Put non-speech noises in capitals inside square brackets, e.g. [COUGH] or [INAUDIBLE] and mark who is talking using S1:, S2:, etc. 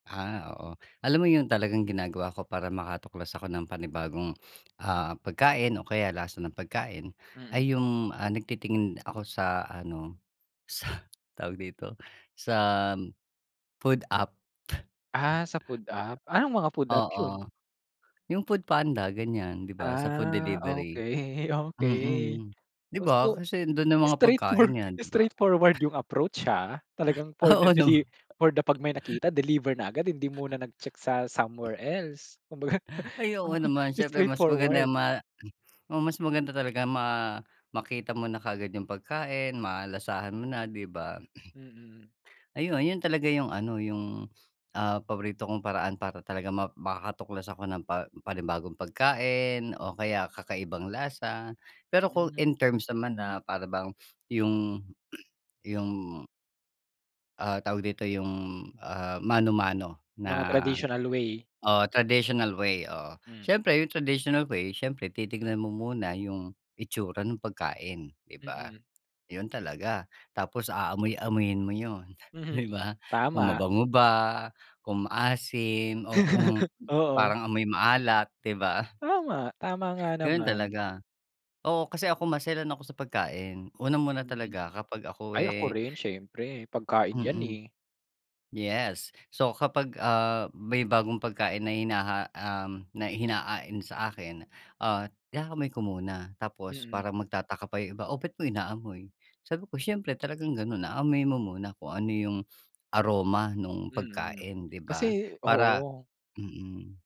S1: Ah, oo. Alam mo yun talagang ginagawa ko para makatuklas ako ng panibagong, ah, pagkain o kaya lasa ng pagkain, ay
S2: Mm.
S1: yung nagtitingin ako sa ano [BLOWS AIR] sa tawag dito sa food app.
S2: Ah, sa food app, anong mga
S1: [BLOWS AIR]
S2: food app
S1: [CHUCKLES]
S2: yun?
S1: Oo, yung foodpanda ganyan 'di ba, sa food
S2: Ah,
S1: delivery.
S2: okey okey
S1: Mm, 'di ba?
S2: gusto
S1: Kasi ando'n na mga
S2: straight for
S1: pagkain yan
S2: straightfor
S1: 'di ba?
S2: straightforward yung approach, ha. Talagang for
S1: [CLEARS THROAT]
S2: the
S1: Oo nama
S2: deli for the pag may nakita deliver na agad hindi muna nag check sa somewhere
S1: [CLEARS THROAT]
S2: else, kumbaga.
S1: Ay, oo
S2: [CHUCKLES]
S1: naman siyempre
S2: Straight
S1: mas
S2: forward.
S1: maganda ma hmm, oo mas maganda talaga ma makita mo na kaagad yung pagkain, malasahan mo na 'di ba? [CLEARS THROAT]
S2: Mm.
S1: Ayun, yun talaga yung ano yung, ah, paborito kong paraan para talaga ma makakatuklas ako ng pa panibagong pagkain o kaya kakaibang lasa. Pero kung
S2: Hmm.
S1: in terms naman na para bang yung yung ah, tawag dito yung, ah, mano-mano na,
S2: Mga tradisional way.
S1: o traditional way, oo.
S2: Hmm.
S1: Siyempre yung traditional way siyempre titignan mo muna yung itsura nung pagkain 'di ba?
S2: Mm.
S1: Yun talaga, tapos aamoy-amuyin mo yun,
S2: Mhm.
S1: 'di ba kung
S2: Tama.
S1: mabango ba, kung maasim o kung
S2: [LAUGHS] Oo.
S1: parang amoy maalat 'di ba?
S2: Tama, tama nga
S1: Gano'n
S2: naman.
S1: talaga, oo kasi ako maselan ako sa pagkain. Unang-una
S2: Mm.
S1: talaga kapag ako,
S2: Ay, ako
S1: eh
S2: rin siyempre pagkain yan,
S1: Mm.
S2: eh.
S1: Yes. So kapag, ah, may bagong pagkain na hinaha um, na hinain sa akin, ah, inaamoy ko muna tapos
S2: Mm.
S1: parang magtataka pa yung iba, "oh ba't mo inaamoy?" Sabi ko, "siyempre talagang gano'n, aamuyin mo muna kung ano yung aroma nung
S2: Mm,
S1: pagkain" 'di ba?
S2: kasi
S1: Para
S2: oo.
S1: mm.